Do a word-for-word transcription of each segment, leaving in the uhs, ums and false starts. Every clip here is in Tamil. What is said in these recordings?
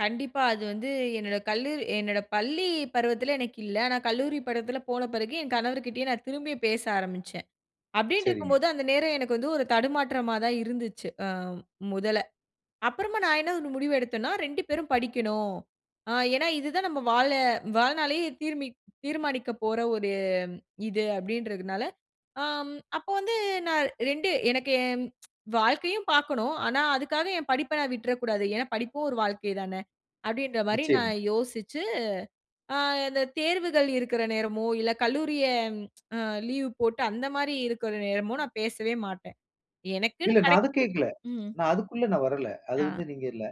கண்டிப்பா அது வந்து, என்னோட கல்லூரி என்னோட பள்ளி பருவத்தில எனக்கு இல்ல, ஆனா கல்லூரி பருவத்தில போன பிறகு, என் கணவர்கிட்டயும் நான் திரும்பி பேச ஆரம்பிச்சேன், அப்டின்னு சரிங்க. இருக்கும்போது அந்த நேரம் எனக்கு வந்து ஒரு தடுமாற்றமா தான் இருந்துச்சு, ஆ, முதல அப்புறமா நான் என்ன ஒரு முடிவு எடுத்தேன்னா, ரெண்டு பேரும் படிக்கணும், ஆ, ஏனா இதுதான் நம்ம வாழ வாழ்நாளே தீர்ம தீர்மானிக்கப் போற ஒரு இது, அப்டின்றதுனால, ஆம் அப்போ வந்து நான் ரெண்டு எனக்கு என் வாழ்க்கையும் பார்க்கனும், ஆனா அதுக்காக என் படிப்ப நான் விட்றக்கூடாது, ஏனா படிப்பும் ஒரு வாழ்க்கை தானே, அப்டின்ற மாரி நான் நிச்சயமா. யோசிச்சு, ஆ இந்த தேர்வுகள் இருக்குற நேரமோ இல்ல கல்லூரிய ஆ லீவ் போட்டு அந்த மாரி இருக்கற நேரமும் நான் பேசவே மாட்டேன், எனக்குனு இல்ல. நான் கிடைக்கு அத கேட்கல, ம். நான் அதுக்குள்ள நான் வரல, அது ஆ. வந்து நீங்க இல்ல,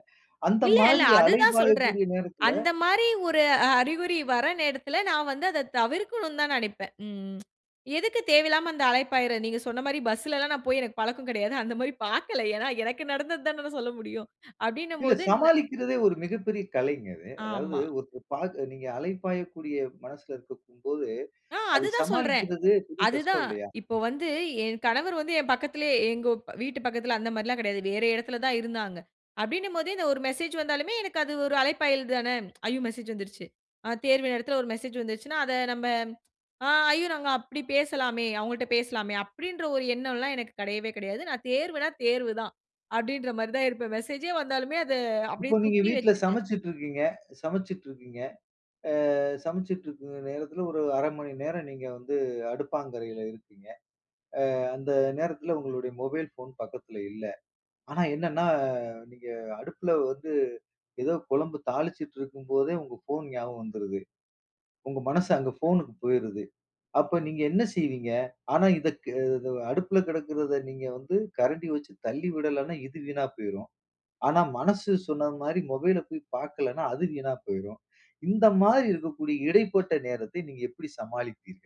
அந்த இல்ல, இல்ல. மாரி அது அலை தான் சொல்றேன், பாயக்கூடிய நேரத்தில அந்த மாரி ஒரு அறிகுறி வர நேரத்தில நான் வந்து அத தவிர்க்கனு தான் நெனைப்பேன். ம். எதுக்கு தேவையில்லாம அந்த அழைப்பாயிற நீங்க சொன்ன மாரி பஸ்லலாம் நான் போய் எனக்கு பழக்கம் கிடையாது, அந்த மாரி பார்க்கல, ஏனா எனக்கு நடந்தது தானே நான் சொல்ல முடியும் அப்டினும் இல்ல போது நா சமாளிக்கிறதே ஒரு மிகப்பெரிய கலைங்க அது. அதாவது ஆமா. ஒருத்தர் பார்க்க நீங்க அலை பாயக்கூடிய மனசில இருக்கும் போது, ஆ அது அதை தான் சொல்றேன், சமாளிக்கறதே பெரிய கஷ்டம் அதுதான், இல்லையா? இப்போ வந்து என் கணவர் வந்து என் பக்கத்திலேயே, எங்க வீட்டு பக்கத்தில அந்த மாரிலாம் கிடையாது, வேற இடத்தில தான் இருந்தாங்க. அப்டினும்போது இந்த ஒரு மெசேஜ் வந்தாலுமே எனக்கு அது ஒரு அழைப்பாயல் தானே, ஐயோ! மெசேஜ் வந்துருச்சு, ஆ தேர்வு நேரத்தில ஒரு மெசேஜ் வந்துருச்சனா அத நம்ம, ஆ ஐயோ! நாங்க அப்டி பேசலாமே, அவங்கள்ட்ட பேசலாமே, அப்டின்ற ஒரு எண்ணம்லாம் எனக்கு கிடையவே கிடையாது, நான் தேர்வுனா, தேர்வு தான் அப்டின்ற மாரி தான் இருப்பேன், மெசேஜ்யே வந்தாலுமே அத அப்டியே இப்போ நீங்க தூக்கி வீட்டில வைச்சிட்டு சமைச்சிட்டு இருக்கீங்க சமைச்சிட்டு இருக்கீங்க. ஆ சமைச்சிட்டு இருக்க நேரத்தில, ஒரு அரை மணி நேரம் நீங்க வந்து அடுப்பாங்கரையில இருக்கீங்க. ஆ அந்த நேரத்தில உங்களுடைய மொபைல் ஃபோன் பக்கத்தில இல்ல, ஆனா என்னென்னா, நீங்க அடுப்பில வந்து, ஏதோ குழம்பு தாளிச்சிட்டு இருக்கும்போதே உங்க ஃபோன் ஞாபகம் வந்துருது, உங்க மனசு அங்க போனுக்கு போய்ருது, அப்ப நீங்க என்ன செய்வீங்க? ஆனா இதுக்கு ஆ அடுப்பில கிடக்கிறதை நீங்க வந்து கரண்டி வச்சு தள்ளி விடலனா இது வீணா போய்ரும், ஆனா மனசு சொன்ன மாரி மொபைல போய் பார்க்கலனா அது வீணா போய்ரும், இந்த மாதிரி இருக்கக்கூடிய இடைப்பட்ட நேரத்தை நீங்க எப்டி சமாளிப்பீர்கள்?